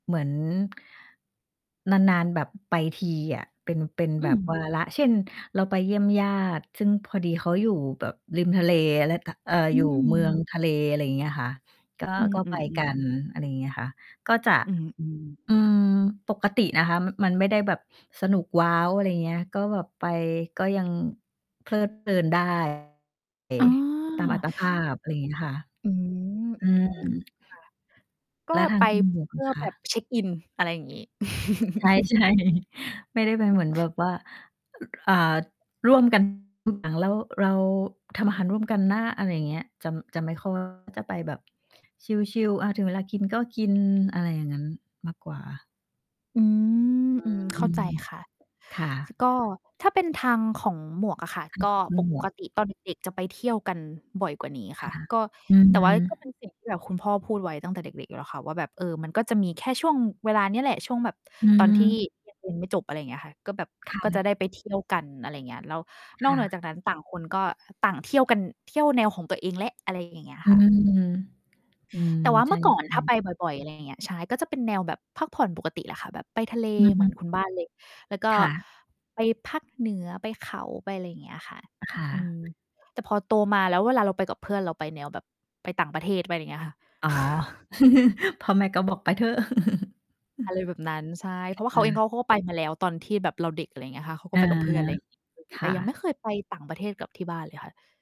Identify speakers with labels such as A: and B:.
A: เหมือน นาน ๆ แบบไปทีอะ เป็น เป็น
B: อ
A: แ
B: ื
A: บบ วา
B: ม
A: ระ เช่น เราไปเยี่ยมญาติ ซึ่งพอดีเขาอยู่แบบริมทะเล แล้ว ก เอ่อ
B: อื
A: อยู่ เมือง
B: ม
A: ทะเล อะไรอย่างเงี้ยค่ะ ก็
B: อื
A: ก็ไปกั
B: อ
A: น
B: ๆ ๆ
A: อะไรอย่างเงี้ยค่ะ ก็จะ
B: อือ อืม
A: อืม ปกตินะคะ มันไม่ได้แบบสนุกว้าว อะไรอย่างเงี้ย ก็แบบไป ก็ยังเพลิดเพลิน ได้
B: อ๋อ
A: ตามอัตภาพ อะไรอย่างเงี้ยค่ะ
B: อืม
A: อื
B: อื
A: ม
B: ม ๆ ค่ะ ก็
A: แล้วทา
B: ไป
A: งคุณ หมวก
B: เพื
A: ล่
B: ่
A: ะ
B: อ
A: ค
B: แบ
A: ะ?
B: บเช็กอิน อะไรอย่างงี้
A: ใช่ ๆ ไม่ได้ไปเหมือนแบบว่า อ่า ร่วม กัน อ่า แล้วเราทำอาหารร่วมกันนะ อะไรอย่างเงี้ย จะ จะไม่ ค่อย จะไปแบบชิล ๆ อะ ถึงเวลากินก็กิน อะไรอย่างงั้นมากกว่า
B: อืม
A: อื
B: อืม เข้าใจ
A: ม
B: ค่ะ
A: ค่ะ
B: ก็ถ้าเป็นทางของหมวกอะค่ะ ก็
A: คื
B: ป
A: อหมวก
B: กติตอนเด็ก ๆ จะไปเที่ยวกันบ่อยกว่านี้
A: ค
B: ค่ะ
A: ่ะ
B: ก็
A: อื
B: แต่ว่าก็
A: ม
B: เป็นสิ่งที่แบบคุณพ่อพูดไว้ตั้งแต่เด็ก ๆ อยู่แล้วค่ะว่า แบบ เออ มันก็จะมีแค่ช่วงเวลาเนี้ยแหละ ช่วงแบบ
A: อื
B: ตอนที่
A: ม
B: ยัง เรียนไม่จบ อะไรอย่างเงี้ยค่ะ ก็แบบ
A: ค่
B: ก็จะ
A: ะ
B: ได้ไปเที่ยวกัน อะไรอย่างเงี้ย แล้วน
A: ค
B: อก
A: ่
B: เหนือ
A: ะ
B: จากนั้น ต่างคนก็ ต่างเที่ยวกัน เที่ยวแนวของตัวเองแล้ว อะไรอย่างเงี้ย
A: อื
B: ค่ะ
A: ม อืม
B: แต่ว่า
A: ใช
B: เมื่อก่อน
A: ่
B: ถ้าไ
A: ๆ
B: ปบ่อย ๆ อะไรอย่างเงี้ย ใช่ ก็เป็นแนวแบบพักผ่อนปกติแหละค่ะ แบบไปทะเล
A: อือ
B: เ
A: ฮ
B: หมือ
A: ึ
B: นคุณบ้าน เลย แล้วก็
A: ค่ะ
B: ไปภาคเหนือ ไปเขา ไปอะไรอย่างเงี้ยค่ะ อ
A: ค่
B: อืม
A: ะ
B: แต่พอโตมาแล้ว เวลาเราไปกับเพื่อน เราไปแนวแบบไปต่างประเทศ ไปอะไรอย่างเงี้ยค่ะ
A: อ๋อ พ่อแม่ก็บอกไปเถอะ
B: อะไรแบบนั้น ใช่ เพราะว่า
A: อ
B: เ
A: ือ ค
B: ข
A: ่
B: าเองเข
A: ะ
B: าก็ไป มาแล้ว ตอนที่แบบเราเด็ก อะไรอย่างเงี้ยค่ะ เขา
A: อ
B: ก็
A: า
B: ไปกับเพื่อน อะไรอย่างงี้
A: ค
B: แต
A: ่
B: ่ยังไม
A: ะ
B: ่เคยไปต่างประเทศกับที่บ้านเลยค่ะ